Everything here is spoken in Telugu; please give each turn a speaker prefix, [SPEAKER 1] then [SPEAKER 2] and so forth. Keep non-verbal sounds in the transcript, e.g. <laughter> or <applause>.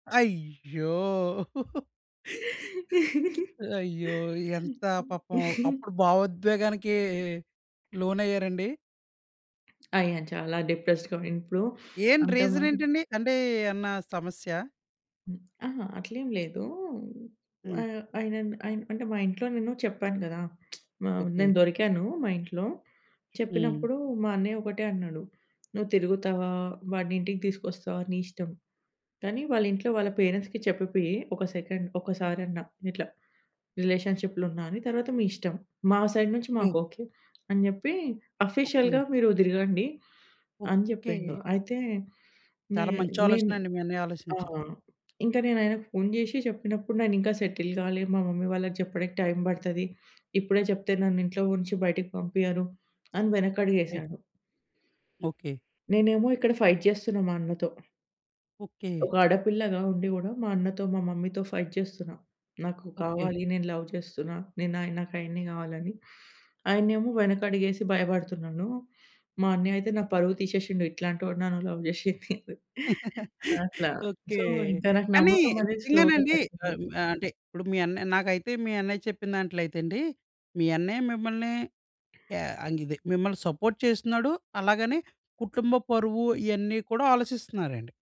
[SPEAKER 1] అయ్యో! <chuckles> <smacks lips>
[SPEAKER 2] <chuckles>
[SPEAKER 1] అయ్యో! ఎంతా పాపం
[SPEAKER 2] <chuckles>
[SPEAKER 1] అప్పుడు భావోద్వేగానికీ లోనయ్యారండీ?
[SPEAKER 2] అయ్యాను. చాలా డిప్రెస్డ్‌గా ఉండింది. ఇప్పుడు
[SPEAKER 1] ఏంటి
[SPEAKER 2] అంతా మారి
[SPEAKER 1] రీజనేంటండి? అంటే, ఏన్నా సమస్యా?
[SPEAKER 2] అహా! అట్లేమి లేదూ.
[SPEAKER 1] హ్మ్.
[SPEAKER 2] ఆహ్, ఆయనన్ అయన్ అంటే మా ఇంట్లో నేను చెప్పాను గదా! <smacks lips> ఆహ్, హ్మ్,
[SPEAKER 1] ఓకే.
[SPEAKER 2] నేను దొరికాను మా ఇంట్లో.
[SPEAKER 1] హ్మ్.
[SPEAKER 2] చెప్పినప్పుడూ మా అన్నయ్య ఒకటే అన్నాడు. "నువ్వు తిరుగుతావా, వాడినింటికి తీసుకొస్తావా నీ ఇష్టం, కానీ వాళ్ళింట్లో వాళ్ళ పేరెంట్స్‌కి చెప్పిపియ్యి ఒక సెకండ్ ఒకసారన్న, ఇట్లా రిలేషన్‌షిప్‌లో ఉన్న అని. తర్వాత మీ ఇష్టం. మా సైడ్ నుంచి
[SPEAKER 1] ఓకే.
[SPEAKER 2] మాకోకే" అని జెప్పీ, ఆఫీషియల్‌గా
[SPEAKER 1] ఓకే.
[SPEAKER 2] మీరు దిరగండి అని
[SPEAKER 1] ఓకే.
[SPEAKER 2] జెప్పిండు. అయితే నే
[SPEAKER 1] చాలా మంచి
[SPEAKER 2] నేను
[SPEAKER 1] ఆలోచనండి మీ అన్నయ్య
[SPEAKER 2] ఆ!
[SPEAKER 1] ఆలోచించింది.
[SPEAKER 2] ఇంక నేనాయనకి ఫోన్ జేషి చెప్పినప్పుడు, "నేనింకా సెటిల్ గాలే, మా మమ్మీ వాళ్ళకి చెప్పడికి టైం పడతది. ఇప్పుడే చెప్తే నన్ను ఇంట్లో ఉంచి బయటకి పంపియ్యరు" అని
[SPEAKER 1] అయ్
[SPEAKER 2] వె‌నకడుగేశాడు.
[SPEAKER 1] ఓకే.
[SPEAKER 2] నేనేమో ఇక్కడ ఫైట్ జేస్తున్నా మా అన్నతో.
[SPEAKER 1] ఓకే.
[SPEAKER 2] ఒక ఆడపిల్లగా ఉండి గూడా మా అన్నతో, మా మమ్మీతో ఫైట్ చేస్తున్న. నాకు
[SPEAKER 1] ఓకే.
[SPEAKER 2] కావాలి, నేను లవ్ చేస్తున్నా, నేనాయ నాకాయన్నే గావాలని. ఆయన్నేమో వెనకడుగేసి భయపడుతున్నాను. మా అన్నయ్యయితే నా పరువు తీసేషిండు "ఇట్లాంటోడినా నువ్వు లవ్ జేసింది"
[SPEAKER 1] <laughs>
[SPEAKER 2] <chuckles> అట్లా.
[SPEAKER 1] ఓకే.
[SPEAKER 2] సో, ఇంక నాకు
[SPEAKER 1] కానీ
[SPEAKER 2] నమ్మకమనేది స్లోగా
[SPEAKER 1] నిజంగానండి, ఆహ్,
[SPEAKER 2] తగ్గింది.
[SPEAKER 1] హ్మ్, అంటే, ఇప్పుడు మీ అన్నయ్య నాకైతే మీ అన్నయ్య చెప్పిన దాంట్లో అయితే అండీ, మీ అన్నయ్య మిమ్మల్నీ యా అంగిదే మిమ్మల్ని సపోర్ట్ చేస్తున్నాడు, అలాగనే కుటుంబ పరువు, ఇయన్నీ కూడా ఆలోచిస్తన్నారండి.